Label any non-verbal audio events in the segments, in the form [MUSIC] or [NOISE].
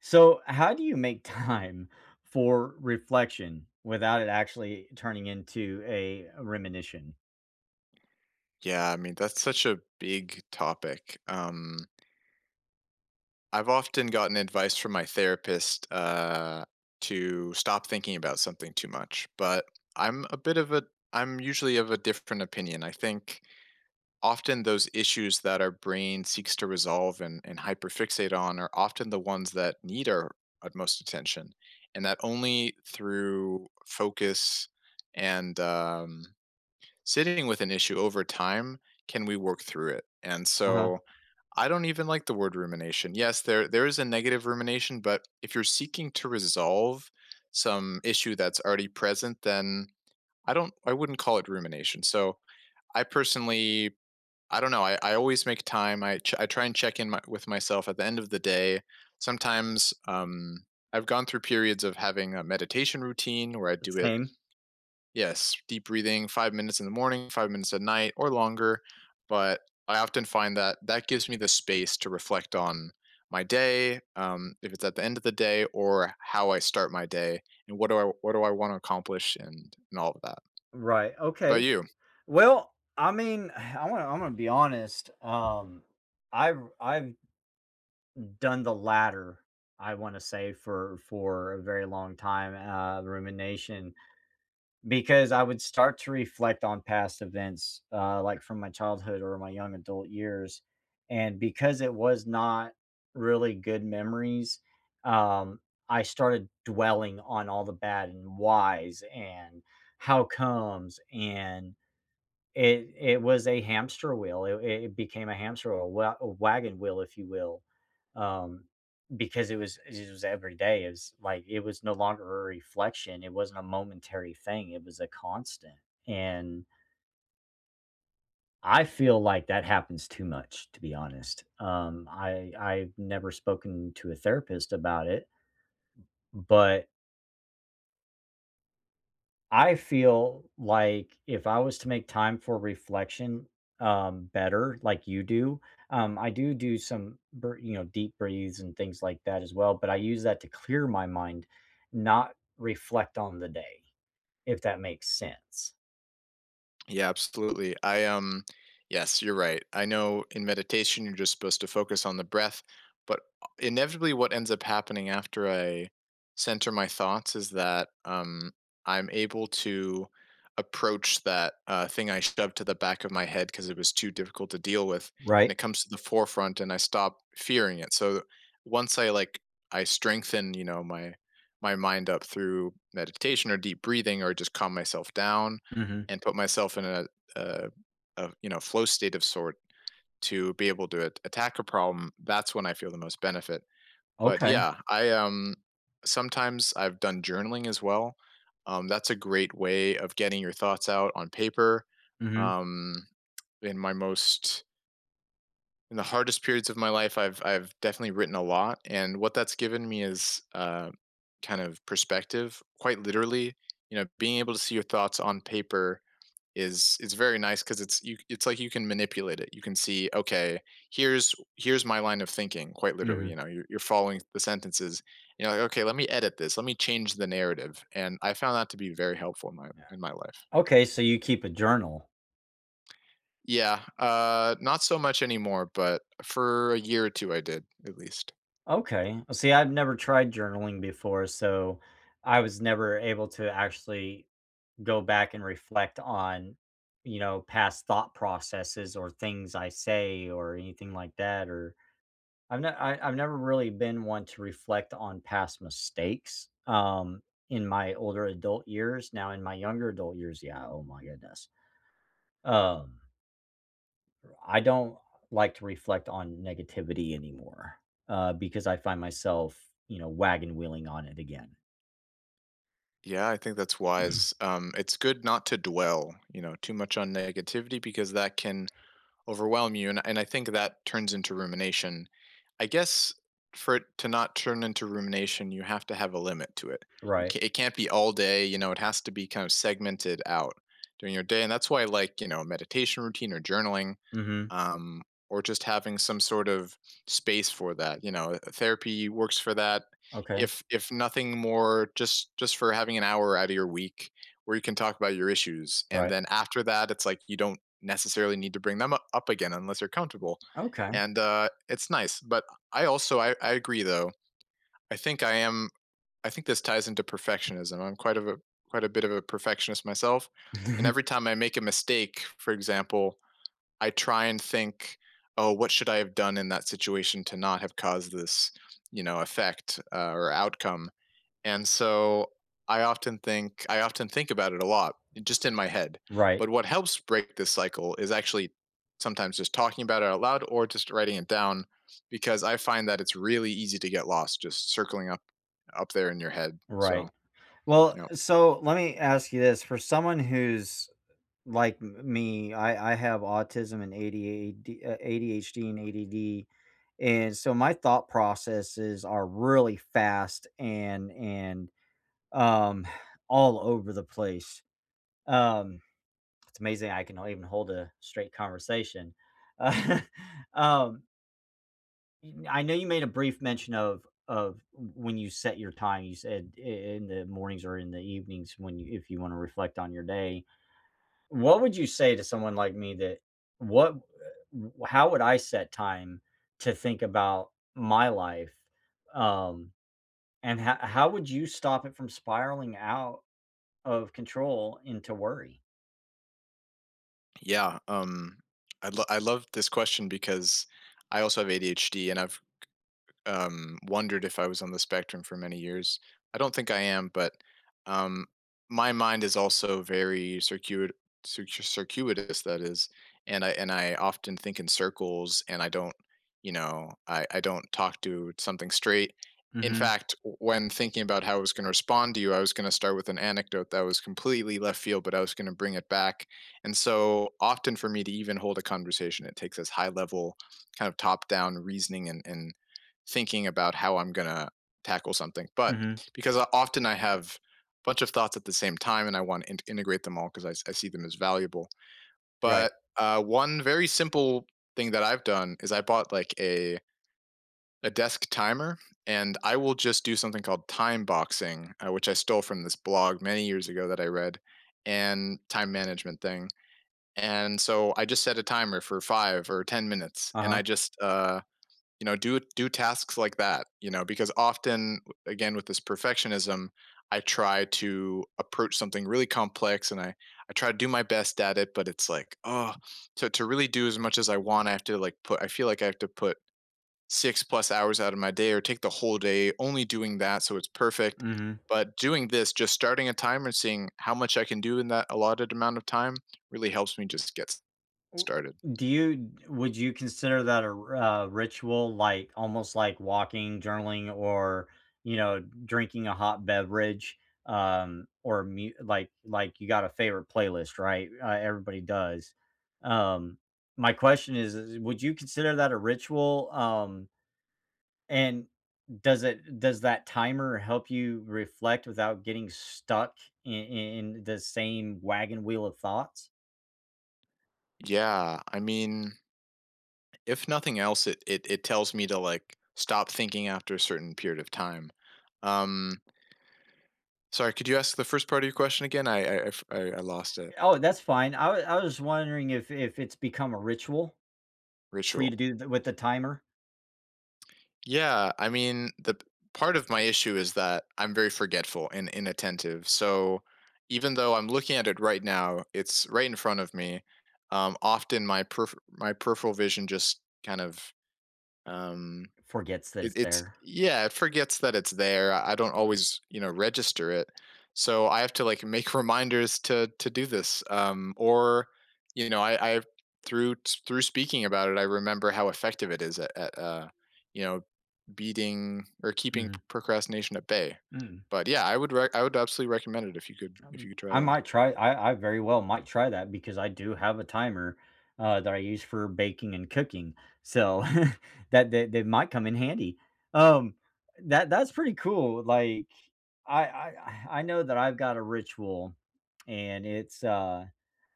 So how do you make time for reflection without it actually turning into a rumination? Yeah. I mean, that's such a big topic, um I've often gotten advice from my therapist, uh, to stop thinking about something too much, but I'm a bit of a I'm usually of a different opinion. I think often those issues that our brain seeks to resolve and and hyperfixate on are often the ones that need our utmost attention. And that only through focus and, um sitting with an issue over time can we work through it. And Uh-huh. so, I don't even like the word rumination. Yes. There there is a negative rumination, but if you're seeking to resolve some issue that's already present, then I don't I wouldn't call it rumination. So, I personally I don't know. I I always make time. I tr I try and check in with myself at the end of the day. Sometimes, um, I've gone through periods of having a meditation routine where I The do it same. Yes, deep breathing, 5 minutes in the morning, 5 minutes at night, or longer. But I often find that that gives me the space to reflect on my day, um, if it's at the end of the day, or how I start my day, and what do I what do I wanna accomplish and and all of that. Right. Okay. About you? Well, I mean, I wanna Imma be honest, um I ru I've done the latter, I wanna say, for for a very long time, uh, the rumination, because I would start to reflect on past events, uh, like, from my childhood or my young adult years. And because it was not really good memories, um, I started dwelling on all the bad and whys and how comes and it it was a hamster wheel. It it became a hamster wheel, a wa a wagon wheel, if you will, um, because it was it was everyday is like, it was no longer a reflection. It wasn't a momentary thing. It was a constant. And I feel like that happens too much, to be honest, um, I I've never spoken to a therapist about it but I feel like if I was to make time for reflection, um, better, like you do, um, I do do some br you know, deep breathes and things like that as well, but I use that to clear my mind, not reflect on the day, if that makes sense. Yeah, absolutely. I, um, yes, you're right. I know in meditation, you're just supposed to focus on the breath. But, uh, inevitably, what ends up happening after I center my thoughts is that, um, I'm able to approach that, uh, thing I shoved to the back of my head 'cause it was too difficult to deal with. And Right. it comes to the forefront, and I stop fearing it. So, u once I, like, I strengthen, you know, my my mind up through meditation or deep breathing or just calm myself down Mhm. and put myself in a, uh, uh, you know, flow state of sort to be able to a attack a problem, that's when I feel the most benefit. But, Okay. yeah, I, um, sometimes I've done journaling as well. Um, that's a great way of getting your thoughts out on paper. Mhm. Um, in my most in the hardest periods of my life, I've I've definitely written a lot. And what that's given me is, uh, kind of perspective quite literally. You know, being able to see your thoughts on paper is is very nice 'cause it's you it's like you can manipulate it. You can see," Okay. Here's here's my line of thinking," quite literally, you Mhm. know? You're you're following the sentences, you know? "Okay, let me edit this, let me change the narrative." And I found that to be very helpful in my Yeah. in my life. Okay, so you keep a journal. Yeah, uh, not so much anymore, but for a year or two I did, at least. Okay. See, I've never tried journaling before, so I was never able to actually go back and reflect on, you know, past thought processes or things I say or anything like that, or I've n I I've never really been one to reflect on past mistakes, um, in my older adult years, now in my younger adult years, yeah, oh my goodness, um r I don't like to reflect on negativity anymore, uh, because I find myself, you know, wagon wheeling on it again. Yeah, I think that's wise, um, It's good not to dwell, you know, too much on negativity because that can overwhelm you, and and I think that turns into rumination. I guess for it to not turn into rumination, you have to have a limit to it. You Right. ca it can't be all day, you know, it has to be kind of segmented out during your day and that's why I like, you know, meditation routine or journaling, Mhm. um, or just having some sort of space for that, you know, uh uh, therapy works for that. Okay. If if nothing more, just just for having an hour outta your week, where you can talk about your issues and Right. then after that, it's like you don't necessarily need to bring them u up again unless you're comfortable. Okay. And, uh, it's nice. But I also I I agree, though. I think I am I think this ties into perfectionism. I'm quite of a quite a bit of a perfectionist myself and [CHUCKLES] every time I make a mistake, for example, I try and think, "Oh, what should I have done in that situation to not have caused this, you know, effect, uh, or outcome?" And so I often think I often think about it a lot, just in my head. Right. But what helps break this cycle is actually sometimes just talking about it out loud or just writing it down because I find that it's really easy to get lost just circling up up there in your head. So, Right. Well, yep. uh, so, let me ask you this. For someone who's like m me, I I have autism and ADAD uh, ADHD and ADD, and so my thought processes are really fast and and, um, [SIGHS] all over the place. Um, it's amazing I can, uh, even hold a straight conversation. [LAUGHS] Um Yo I know you made a brief mention of of w when you set your time. You said i in the mornings or in the evenings, when you if you wanna reflect on your day. What would you say to someone like me that what eh how would I set time to think about my life, um, and h how would you stop it from spiraling out of control into worry? Yeah. Um, I lo I love this question because I also have ADHD, and I've, k um, wondered if I was on the spectrum for many years. I don't think I am, but, um, my mind is also very circuit cir circuitous that is, and I and I often think in circles, and I don't, you know, I I don't talk to something straight. In Mhm. fact, w when thinking about how I was gonna respond to you, I was gonna start with an anecdote that was completely left field, but I was gonna bring it back, and so often for me to even hold a conversation, it takes this high level kind of top down reasoning and and thinking about how I'm gonna tackle something. But Mhm. because often I have bunch of thoughts at the same time, and I want to inte integrate them all because I I see them as valuable. But, Right. uh, one very simple thing that I've done cause' is I bought, like, a a desk timer, and I will just do something called time boxing, which I stole from this blog many years ago that I read, and time management thing, and so I just set a timer for 5 or 10 minutes, and I Uh-huh. just, uh, you know, do do tasks like that. You know? Because often, again, with this perfectionism, I try to approach something really complex, and I I try to do my best at it, but it's like, "Ugh." So, to really do as much as I want, I have to like put I feel like i have to put 6 plus hours out of my day or take the whole day only doing that so it's perfect. Mhm. But doing this, just starting a timer and seeing how much I can do in that allotted amount of time really helps me just get started. Do you would you consider that a r a ritual, like, almost like walking, journaling, or, you know, drinking a hot beverage, um, or mu like like, you got a favorite playlist. Right? Uh, everybody does. Um, my question is is would you consider that a ritual? Um and does it does that timer help you reflect without getting stuck i i in the same wagon wheel of thoughts? Yeah. I mean if nothing else, it it it tells me to, like, stop thinking after a certain period of time. Um Sorry, could you ask the first part of your question again? I I I f I lost it. Oh, that's fine. I wa I was just wondering if if it's become a ritual for you to Ritual. do th with the timer. Yeah, I mean, the p part of my issue is that I'm very forgetful and inattentive. So, even though I'm looking at it right now, it's right in front of me. Um, often, my perf my peripheral vision just kind of, um, Forgets that it it's it's there. yeah, it forgets that it's there, I don't always, you know, register it. So, I have to, like, make reminders to to do this, um, or, you know, I I've through s through speaking about it, I remember how effective it is at at uh, you know, beating or keeping Mhm. procrastination at bay. Mm. But, yeah, I would rec I would absolutely recommend it if you could if you Um, could try I that. might try I I very well might try that, because I do have a timer, uh, that I use for baking and cooking. So, [CHUCKLES] that that that might come in handy. Um, that that's pretty cool. Like, I I I know that I've got a ritual, and, it's, uh,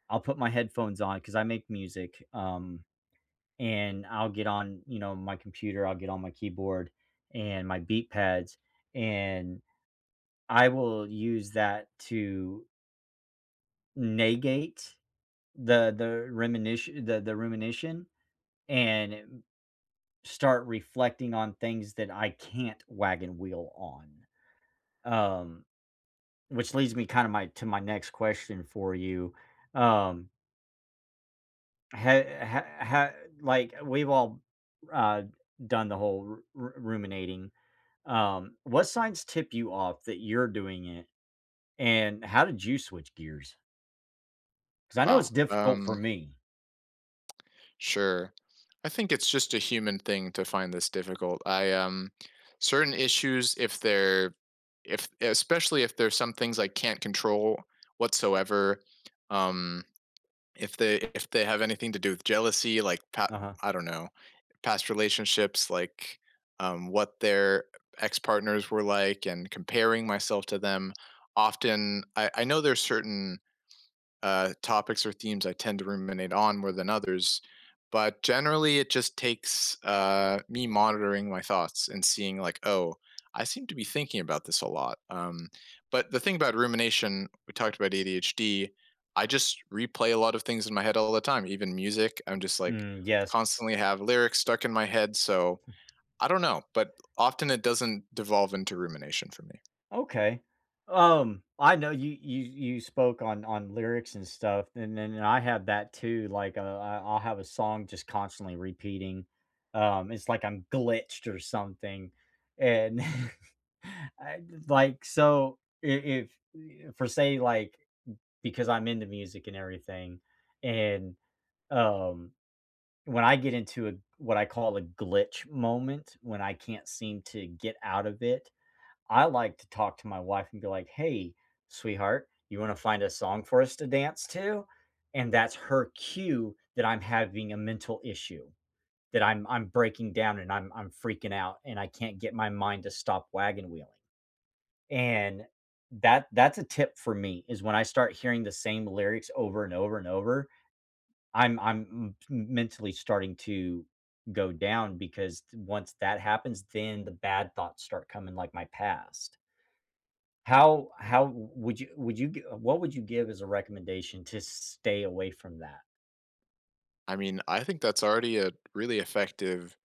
I'll put my headphones on, 'cause I make music, um, and I'll get on, you know, my computer, I'll get on my keyboard and my beat pads, and I will use that to negate the the reminit the the rumination and e mm start reflecting on things that I can't wagon wheel on, um, which leads me kinda my to my next question for you, um Hey heh ha like, we've all, uh, done the whole ru ru ruminating. Um, what signs tip you off that you're doing it, and how did you switch gears? 'Cause I know it's Wow, difficult for um me. Sure. I think it's just a human thing to find this difficult, I, um, certain issues, if they're if especially if there's some things I can't control whatsoever, um, if they if they have anything to do with jealousy, like, pa Uh-huh. I don't know, past relationships, like, um, what their uh, ex-partners were like and comparing myself to them, often, I I know there's certain, uh, topics or themes I tend to ruminate on more than others, but, generally, it just takes, uh, me monitoring my thoughts and seeing like, "Oh, I seem to be thinking about this a lot, um" But the thing about rumination, we talked about ADHD, I just replay a lot of things in my head all the time, even music, I'm just, like, Mm, yes. constantly have lyrics stuck in my head, so, Hmm. I don't know, but often, it doesn't devolve into rumination for me. Okay. Um, I know you you you spoke on on lyrics and stuff, and then I have that too, like, uh, I I'll have a song just constantly repeating, um, it's like I'm glitched or something, and [CHUCKLES] I just like so, i if i if for say, like, mm because I'm into music and everything, and, um, when I get into a what I call a "glitch moment," when I can't seem to get out of it, I like to talk to my wife and be like, "Hey, sweetheart, you wanna find a song for us to dance to?" And that's her cue that I'm having a mental issue, that I'm I'm breaking down and I'm I'm freaking out and I can't get my mind to stop wagon-wheeling. And that that's a tip for me is when I start hearing the same lyrics over and over and over, I'm I'm m t m mentally starting to go down because d once that happens, then the bad thoughts start coming like my past. How how w would you would you gi what would you give as a recommendation to stay away from that? I mean, I think that's already a really effective,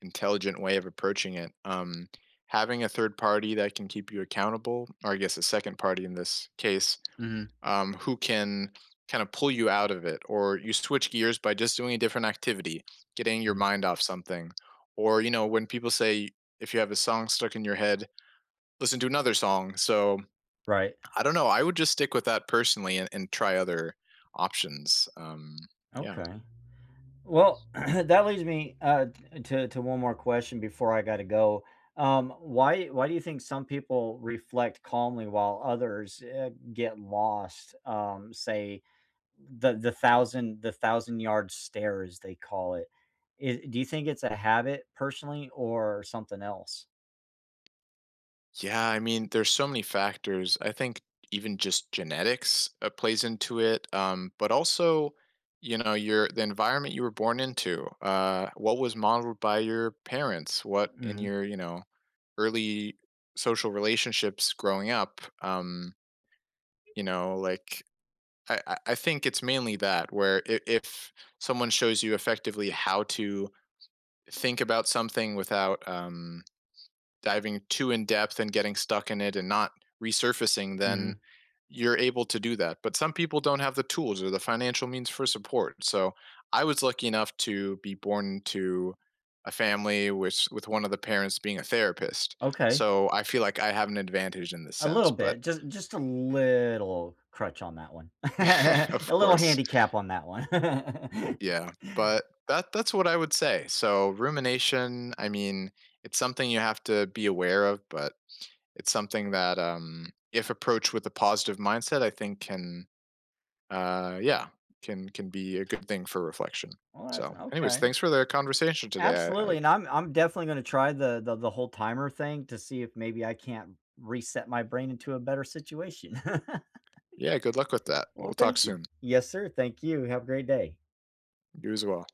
intelligent way of approaching it. Um, having a third party that can keep you accountable, or, I guess, a second party in this case, Mhm. um, who can kinda pull you out of it, or you switch gears by just doing a different activity, getting your Mhm. mind off something. Or, you know, when people say, "If you have a song stuck in your head, listen to another song," so, Right. I don't know, I would just stick with that, personally, and and try other options, um, yeah. Okay. Well, [CLEARS THROAT] that leads me, uh, t uh, to to one more question before I gotta go. Um, why why do you think some people reflect calmly while others, eh, get lost, um, say, the the thousand the thousand-yard stare, as they call it. I Do you think it's a habit, personally, or something else? Yeah, I mean, there's so many factors. I think even just genetics, uh, plays into it, um, but also, you know, your the environment you were born into, uh, what was modeled by your parents? What in Mm. your, you know, early social relationships growing up, um you know, like, I I I think it's mainly that, where i if someone shows you effectively how to think about something without, um, diving too in-depth and getting stuck in it and not resurfacing, then Mhm. you're able to do that. But some people don't have the tools or the financial means for support. So, I was lucky enough to be born to a family wis with one of the parents being a therapist. Okay. So, I feel like I have an advantage in this A little sense. But bit. Just just a little crutch on that one. [LAUGHS] A [LAUGHS] Of little course. handicap on that one. [LAUGHS] Yeah. But that that's what I would say. So, rumination, I mean, it's something you have to be aware of, but it's something that, um, if approached with a positive mindset, I think can, uh, yeah, can can be a good thing for reflection. Well, that's So, anyways, Okay. thanks for the conversation today. I I Absolutely, and I'm I'm definitely gonna try the the the whole timer thing to see if maybe I can reset my brain into a better situation. [LAUGHS] Yeah. Good luck with that. Well, We'll talk thank you. soon. Yes, sir. Thank you. Have a great day. You as well.